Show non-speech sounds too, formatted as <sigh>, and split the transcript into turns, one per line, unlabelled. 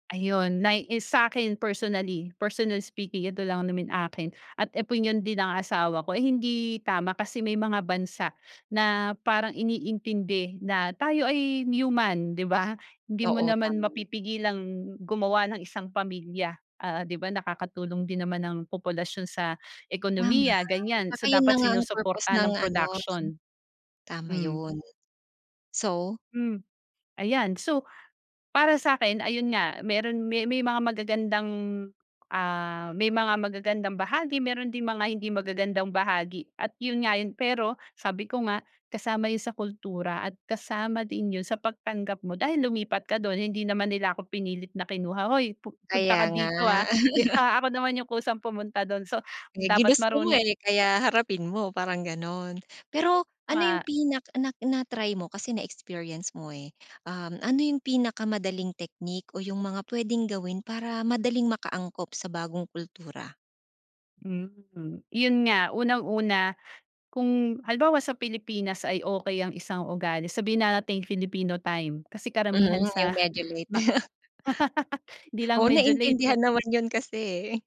Ayun nay is sa akin personally personally speaking, eto lang naman akin at opinyon din ng asawa ko. Ay hindi tama kasi may mga bansa na parang iniintindi na tayo ay human, di ba? Hindi mo
Oo,
naman
tama.
mapipigilang gumawa ng isang pamilya, ah, di ba, nakakatulong din naman ang populasyon sa
Tama,
ekonomiya,
at
ganyan.
saka
So
yun
dapat
na nga ang purpose
sinusuportahan
ng
ng
ano ng
production.
tama
Hmm.
yun. So
Mm, ayan, so para sa akin, ayun nga, meron, may may mga magagandang, ah, may mga magagandang bahagi, meron ding mga hindi magagandang bahagi, at yun nga yun. Pero sabi ko nga, kasama yun sa kultura at kasama din yun sa pagtanggap mo dahil lumipat ka dun. Hindi naman nila ako pinilit na kinuha, hoy, pu punta
Kaya
ka
nga.
dito, ah? Di
<laughs>
ba, ako naman yung kusang pumunta dun, so
Eh,
dapat
ginusto mo
maruno
eh, kaya harapin mo parang ganun. Pero ano
Wa
yung pinak nak na-try mo kasi na-experience mo, eh. Um, ano yung pinakamadaling technique o yung mga pwedeng gawin para madaling maka-angkop sa bagong kultura?
Hmm, yun nga, unang-una kung halimbawa sa Pilipinas ay okey ang isang ugali sa sabihin na nating Filipino time. Kasi
Mhm,
karamihan
yung
sa
medyo late.
ma
<laughs>
<laughs> 'Di lang
Oo,
medyo late.
naintindihan naman iyon kasi eh.